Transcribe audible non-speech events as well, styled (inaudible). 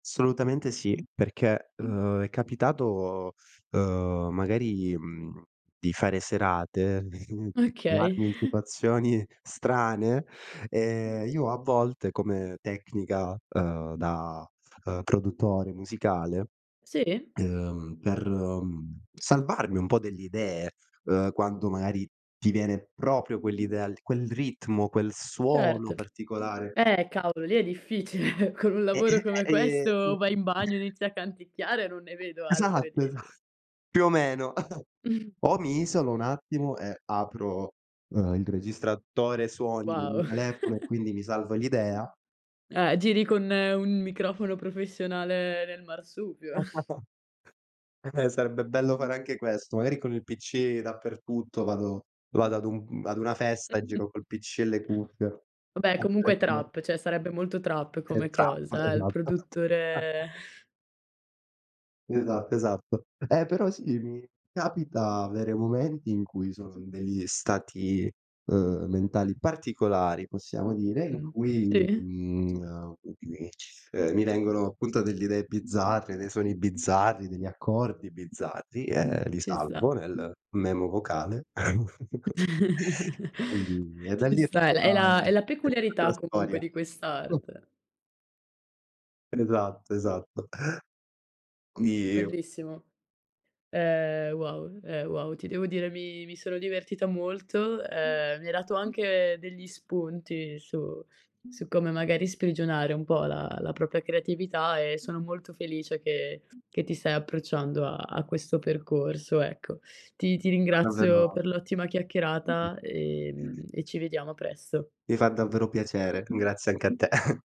Assolutamente sì, perché, uhm, è capitato, uhm, magari, mhmm, di fare serate, (chuckles) di di Okay. trovarmi in (chuckles) situazioni strane, ehm, io a volte come tecnica, uhm, da, uhm, produttore musicale, Si? uhm, per, mhmm, salvarmi un po' delle idee, uhm, quando magari ti viene proprio quell'idea al quel ritmo, quel suono Certo. particolare Eh, cavolo lì è difficile, con un lavoro (chuckles) come Ehm questo vai in (unintelligible) bagno, (chuckles) inizi a canticchiare, non ne vedo altre Esatto, di esa più o meno. (chuckles) (chuckles) O mi isolo un attimo e apro, uhm, il registratore suoni del mio Wow. telefono, e quindi mi salvo l'idea (chuckles) Eh, giri con un microfono professionale nel marsupio. (chuckles) (chuckles) Eh, sarebbe bello fare anche questo, magari con il PC dappertutto, vado vado ad un ad una festa, e giro (chuckles) col PC e le cuffie Vabbè, comunque è (unintelligible) trap, cioè sarebbe molto trap come Esatto, cosa, eh, il esatto. (chuckles) produttore (scoffs) Esatto, esatto, eh, però sì, mi capita avere momenti in cui sono in degli stati, uhm, mentali particolari, possiamo dire, in Mh, cui mi sì? mi mhmm, mi ci uhm, mi vengono appunto delle idee bizzarre, dei suoni bizzarri, degli accordi bizzarri, e li Ci salvo sta. nel memo vocale, (chuckles) (chuckles) quindi e da Ci lì è sta, tutta è la è la è tutta la peculiarità comunque storia. di (unintelligible) quest'arte. Esatto, esatto. (unintelligible) Bellissimo. Ehm, wow ehm, wow, ti devo dire, mi sono divertita molto, ehm, mi hai dato anche degli spunti su su come magari sprigionare un po' la la propria creatività, e sono molto felice, che che ti stai approcciando a a questo percorso, ecco. Ti ti ringrazio (unintelligible) per l'ottima chiacchierata, ehm, (unintelligible) e ci vediamo presto. Mi fa davvero piacere, grazie anche a te. (chuckles)